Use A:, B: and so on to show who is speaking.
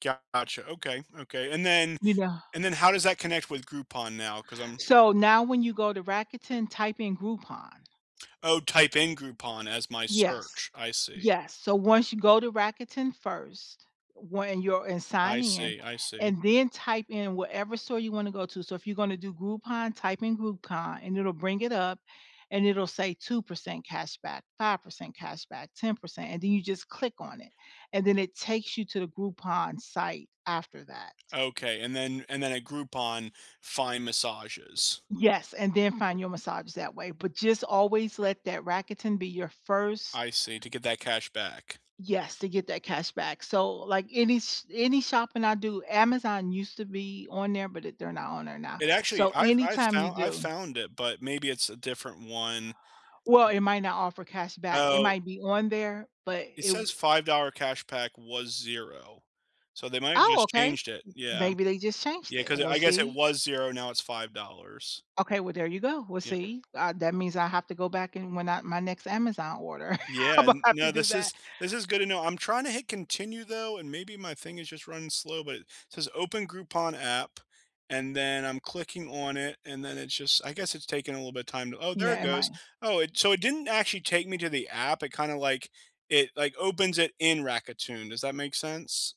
A: Gotcha, okay, okay, and then
B: You know
A: and then how does that connect with Groupon now, 'cause I'm
B: So, now when you go to Rakuten type in Groupon.
A: Oh, type in Groupon as my
B: Yes.
A: search. I see.
B: Yes, so once you go to Rakuten first, when you're and
A: I
B: sign in,
A: see I see.
B: and then type in whatever store you wanna go to, so if you're gonna do Groupon type in Groupon and it'll bring it up and it'll say 2% cashback, 5% cashback, 10% and then you just click on it, and then it takes you to the Groupon site after that.
A: Okay, and then and then at Groupon, find massages.
B: Yes, and then find your massage that way, but just always let that Rakuten be your first
A: I see, to get that cash back.
B: Yes, to get that cash back, so like any s any shopping I do Amazon used to be on there, but it they're not on there now,
A: It actually
B: so
A: I've I've
B: anytime you
A: found I've
B: do
A: found it, but maybe it's a different one.
B: Well it might not offer cash back it
A: Oh.
B: might be on there, but
A: It
B: it w
A: says $5 cash pack was 0, so they might've
B: Oh,
A: just
B: okay,
A: changed it. Yeah.
B: maybe they just changed
A: Yeah,
B: it,
A: 'cause
B: we'll
A: I guess it
B: see.
A: was 0, now it's $5.
B: Okay, well there you go, we'll
A: Yep.
B: see, uh, that means I have to go back, and when I my next Amazon order
A: Yeah.
B: imma have to
A: No,
B: do
A: this
B: that.
A: is this is good to know. I'm trying to hit continue, though, and maybe my thing is just running slow, but it says, "Open Groupon app," and then I'm clicking on it, and then it's just I guess it's taking a little bit of time to oh, there
B: Yeah,
A: it
B: it
A: goes.
B: might.
A: Oh, it so it didn't actually take me to the app, it kinda, like, it, like, opens it in Rakuten, does that make sense?